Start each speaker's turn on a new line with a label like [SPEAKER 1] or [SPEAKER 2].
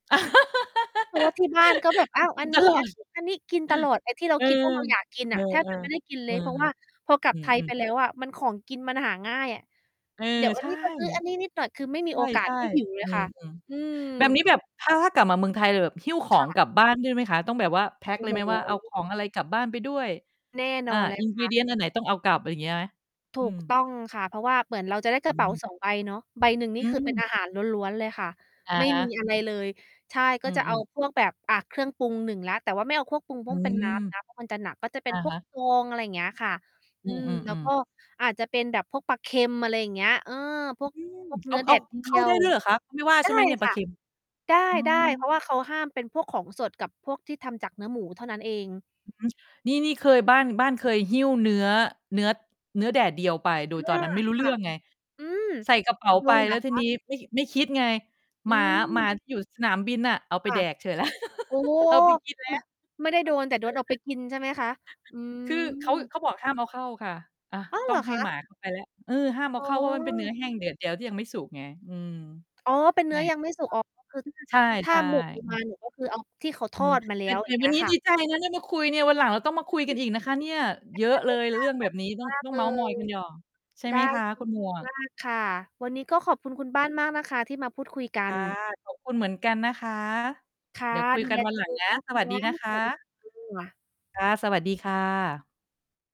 [SPEAKER 1] เพราะว่าที่บ้านก็แบบ อ้าว
[SPEAKER 2] ก
[SPEAKER 1] อ
[SPEAKER 2] ิ
[SPEAKER 1] ั
[SPEAKER 2] น
[SPEAKER 1] นน
[SPEAKER 2] ต
[SPEAKER 1] ี
[SPEAKER 2] ลอด
[SPEAKER 1] ้ ๆ ๆ กินตลอด ไอ้ที่เรา
[SPEAKER 2] เออ
[SPEAKER 1] คิดว่าเราอยากกิน
[SPEAKER 2] เอ
[SPEAKER 1] น่
[SPEAKER 2] อ
[SPEAKER 1] ะ แทบ
[SPEAKER 2] เออ
[SPEAKER 1] จะไม่ได้กินเ
[SPEAKER 2] เ
[SPEAKER 1] ล
[SPEAKER 2] ออ
[SPEAKER 1] ย เพราะว่า พอกลั
[SPEAKER 2] อ
[SPEAKER 1] บ
[SPEAKER 2] ื
[SPEAKER 1] ไทยไป
[SPEAKER 2] ม ๆ
[SPEAKER 1] แล้ว อะมัน ของกินมันหาง่ายอะ
[SPEAKER 2] เออ
[SPEAKER 1] เดี๋ยวอ
[SPEAKER 2] ใ
[SPEAKER 1] ั
[SPEAKER 2] ช
[SPEAKER 1] น
[SPEAKER 2] ่
[SPEAKER 1] นี้ ก็ซื้ออันนี้นิดหน่อย คือไม่มีโอกา
[SPEAKER 2] ใช
[SPEAKER 1] ส
[SPEAKER 2] ่
[SPEAKER 1] ให้หิว เล
[SPEAKER 2] ๆ อ
[SPEAKER 1] ย
[SPEAKER 2] ื
[SPEAKER 1] ค่
[SPEAKER 2] ม
[SPEAKER 1] ะ อืม
[SPEAKER 2] ๆ แบบนี้แบบถ้า ถ้ากลับมาเมืองไทยเราแบบหิ้วขอ
[SPEAKER 1] ค่
[SPEAKER 2] ง
[SPEAKER 1] ะ
[SPEAKER 2] กลับบ้านด้วยไหมคะ? ต้องแบบว่าแพ็ก
[SPEAKER 1] โอ
[SPEAKER 2] เ
[SPEAKER 1] ้
[SPEAKER 2] ล
[SPEAKER 1] โ
[SPEAKER 2] ยไหมว่า เอาข
[SPEAKER 1] ฮ
[SPEAKER 2] อง อะไรกลับบ้านไปด้วย
[SPEAKER 1] แน่น
[SPEAKER 2] อ
[SPEAKER 1] อ
[SPEAKER 2] า
[SPEAKER 1] น เลยค่ะ
[SPEAKER 2] ingredient อันไหนต้องเอากลับ อะไรเงี้ยไหม?
[SPEAKER 1] ถ
[SPEAKER 2] อื
[SPEAKER 1] ูกต
[SPEAKER 2] ม
[SPEAKER 1] ้องค่ะ เพราะว่าเหมือนเราจะได้ก
[SPEAKER 2] อ
[SPEAKER 1] ร
[SPEAKER 2] ื
[SPEAKER 1] ะเป๋า
[SPEAKER 2] ม
[SPEAKER 1] 2 ใบเนาะ ใบหนึ่งน
[SPEAKER 2] อ
[SPEAKER 1] ี
[SPEAKER 2] ื
[SPEAKER 1] ่คือ เป็น
[SPEAKER 2] ม
[SPEAKER 1] อาหาร ล้วน ๆ เลยค่ะ
[SPEAKER 2] อะ
[SPEAKER 1] ไม่
[SPEAKER 2] ฮ
[SPEAKER 1] มี
[SPEAKER 2] ะ
[SPEAKER 1] อะไรเลย ใช่
[SPEAKER 2] อ
[SPEAKER 1] ก็
[SPEAKER 2] ื
[SPEAKER 1] จะ เอา
[SPEAKER 2] อ ๆ
[SPEAKER 1] พวกแบบ อะ เครื่องปรุง 1 แล้ว แต่ว่าไม่เอาเครื่อง ปรุงพ
[SPEAKER 2] อ
[SPEAKER 1] ่
[SPEAKER 2] ื
[SPEAKER 1] วง เป็น
[SPEAKER 2] ม
[SPEAKER 1] น้ำนะ เพราะมันจะหนัก ก็จะเป็
[SPEAKER 2] อ
[SPEAKER 1] น
[SPEAKER 2] ะ
[SPEAKER 1] พ
[SPEAKER 2] ฮ
[SPEAKER 1] วก
[SPEAKER 2] ะ
[SPEAKER 1] ฟอง อะไรเงี้ยค่ะ
[SPEAKER 2] อ
[SPEAKER 1] อ
[SPEAKER 2] ื
[SPEAKER 1] ืม แล้ว
[SPEAKER 2] ม
[SPEAKER 1] ก็
[SPEAKER 2] ๆ ๆ
[SPEAKER 1] อาจจะเป็นแบบพวกปลาเค็ม อะไรอย่างเงี้ย เออ พวก
[SPEAKER 2] อืม
[SPEAKER 1] พวก
[SPEAKER 2] เ
[SPEAKER 1] เ
[SPEAKER 2] อ
[SPEAKER 1] นื
[SPEAKER 2] า
[SPEAKER 1] ้อ แ
[SPEAKER 2] เอ
[SPEAKER 1] ด
[SPEAKER 2] า
[SPEAKER 1] ดเ
[SPEAKER 2] เข
[SPEAKER 1] ดี
[SPEAKER 2] ้า
[SPEAKER 1] ย
[SPEAKER 2] ได้
[SPEAKER 1] ว
[SPEAKER 2] ด้วยเหรอคะ? เขา ไม่ว่า
[SPEAKER 1] ได
[SPEAKER 2] ใช
[SPEAKER 1] ้
[SPEAKER 2] ่ไหมเนี่ย ปล
[SPEAKER 1] ค
[SPEAKER 2] า
[SPEAKER 1] ่
[SPEAKER 2] เ
[SPEAKER 1] ะ
[SPEAKER 2] ค็ม?
[SPEAKER 1] ไ
[SPEAKER 2] อ๋อ
[SPEAKER 1] ด้ ๆ เพราะว่าเขาห้ามเป็นพวกของสดกับพวกที่ทำจากเนื้อหมูเท่านั้นเอง
[SPEAKER 2] อือฮึ นี่ นี่เคย บ้าน บ้านเคยหิ้วเนื้อ เนื้อ เนื้อแดดเดียวไป โด
[SPEAKER 1] อ
[SPEAKER 2] ยตอน
[SPEAKER 1] า
[SPEAKER 2] นั้น ไม่รู้
[SPEAKER 1] ค
[SPEAKER 2] เรื
[SPEAKER 1] ่ะ
[SPEAKER 2] ่อง ไง
[SPEAKER 1] อืม
[SPEAKER 2] ใส่กระเป๋า
[SPEAKER 1] โด
[SPEAKER 2] ไป
[SPEAKER 1] นเห
[SPEAKER 2] แ
[SPEAKER 1] ร
[SPEAKER 2] ล้
[SPEAKER 1] อ
[SPEAKER 2] วท
[SPEAKER 1] ค
[SPEAKER 2] ี
[SPEAKER 1] ะ?
[SPEAKER 2] นี้ ไม่ ไม่คิดไง
[SPEAKER 1] อ
[SPEAKER 2] ห
[SPEAKER 1] ื
[SPEAKER 2] มา หมา
[SPEAKER 1] ม
[SPEAKER 2] ที่อยู่สนามบินน่ะ เอาไ
[SPEAKER 1] ค
[SPEAKER 2] ป
[SPEAKER 1] ่ะ
[SPEAKER 2] แดกเฉย
[SPEAKER 1] โอ้
[SPEAKER 2] เอาไปกินแล้
[SPEAKER 1] ม่
[SPEAKER 2] ว
[SPEAKER 1] ะ ไม่ได้โดน แต่โดนเอาไปกิน ใช่ไหมคะ อื
[SPEAKER 2] คือเขา
[SPEAKER 1] ม
[SPEAKER 2] เขาบอกห้ามเอาเข้าค่ะ อะ
[SPEAKER 1] อ้าว
[SPEAKER 2] ต
[SPEAKER 1] เ
[SPEAKER 2] ้
[SPEAKER 1] ห
[SPEAKER 2] อ
[SPEAKER 1] ร
[SPEAKER 2] ง
[SPEAKER 1] อ
[SPEAKER 2] ให
[SPEAKER 1] ค
[SPEAKER 2] ้หม
[SPEAKER 1] ะ?
[SPEAKER 2] า เขา ไปแล้ว เออ ห้ามเอ
[SPEAKER 1] อ
[SPEAKER 2] า
[SPEAKER 1] ๋
[SPEAKER 2] เ
[SPEAKER 1] อ
[SPEAKER 2] ข้า เพราะว่ามันเป็น เนื้อแห้ง แดดเดียวที่ยังไม่สุกไง อืม
[SPEAKER 1] อ๋อ เป็นเนื้อยังไม่สุก อ๋อ ก็คือถ้า
[SPEAKER 2] ใ
[SPEAKER 1] ถ้
[SPEAKER 2] ช
[SPEAKER 1] า
[SPEAKER 2] ่
[SPEAKER 1] หมวกเอาม
[SPEAKER 2] ๆ
[SPEAKER 1] าเนี่ย ก็คือเอา ที่เขาท
[SPEAKER 2] อื
[SPEAKER 1] อ
[SPEAKER 2] อ
[SPEAKER 1] ดมาแล
[SPEAKER 2] แ
[SPEAKER 1] ้
[SPEAKER 2] ต่
[SPEAKER 1] ว
[SPEAKER 2] แ
[SPEAKER 1] อย
[SPEAKER 2] ต
[SPEAKER 1] ่
[SPEAKER 2] ่
[SPEAKER 1] างเง
[SPEAKER 2] ว
[SPEAKER 1] ี้
[SPEAKER 2] ัน
[SPEAKER 1] ย
[SPEAKER 2] นี้
[SPEAKER 1] ค่
[SPEAKER 2] ด
[SPEAKER 1] ะ
[SPEAKER 2] ีใจนะ ได้มาคุย เนี่ย วันหลังเราต้องมา
[SPEAKER 1] ขอ
[SPEAKER 2] คุ
[SPEAKER 1] บ
[SPEAKER 2] ย
[SPEAKER 1] ค
[SPEAKER 2] กันอีกนะคะเนี่ย เยอะเลยเรื่องแบบนี้ ต
[SPEAKER 1] ุณ
[SPEAKER 2] ้อ
[SPEAKER 1] ม
[SPEAKER 2] ง
[SPEAKER 1] าก
[SPEAKER 2] ต้อง
[SPEAKER 1] เล
[SPEAKER 2] เมาท์มอย
[SPEAKER 1] ย
[SPEAKER 2] กันหย่อง ใช่
[SPEAKER 1] ได
[SPEAKER 2] ไหม
[SPEAKER 1] ้
[SPEAKER 2] คะ
[SPEAKER 1] ยิ
[SPEAKER 2] ค
[SPEAKER 1] น
[SPEAKER 2] ุณหม
[SPEAKER 1] ดี
[SPEAKER 2] วก
[SPEAKER 1] มาก ค่ะ วันนี้ก็ขอบคุณ
[SPEAKER 2] อ
[SPEAKER 1] คุณบ้
[SPEAKER 2] ื
[SPEAKER 1] า
[SPEAKER 2] ม
[SPEAKER 1] น มากนะคะที่มาพูดคุยกั
[SPEAKER 2] ค
[SPEAKER 1] น
[SPEAKER 2] ่ะ ขอบคุณ เหมือนกันนะคะ
[SPEAKER 1] ค่ะ
[SPEAKER 2] เดี๋ยวคุย
[SPEAKER 1] ดู
[SPEAKER 2] กั
[SPEAKER 1] แ
[SPEAKER 2] น
[SPEAKER 1] ล
[SPEAKER 2] วัน
[SPEAKER 1] ตั
[SPEAKER 2] ห
[SPEAKER 1] ว
[SPEAKER 2] ลั
[SPEAKER 1] เอ
[SPEAKER 2] งน
[SPEAKER 1] ง
[SPEAKER 2] ะ
[SPEAKER 1] นะ
[SPEAKER 2] ส
[SPEAKER 1] ค
[SPEAKER 2] วัสดี
[SPEAKER 1] ะ
[SPEAKER 2] นะค
[SPEAKER 1] สวัสดี
[SPEAKER 2] ะ
[SPEAKER 1] ค่ะ
[SPEAKER 2] ค่ะ สวัสดีค่ะ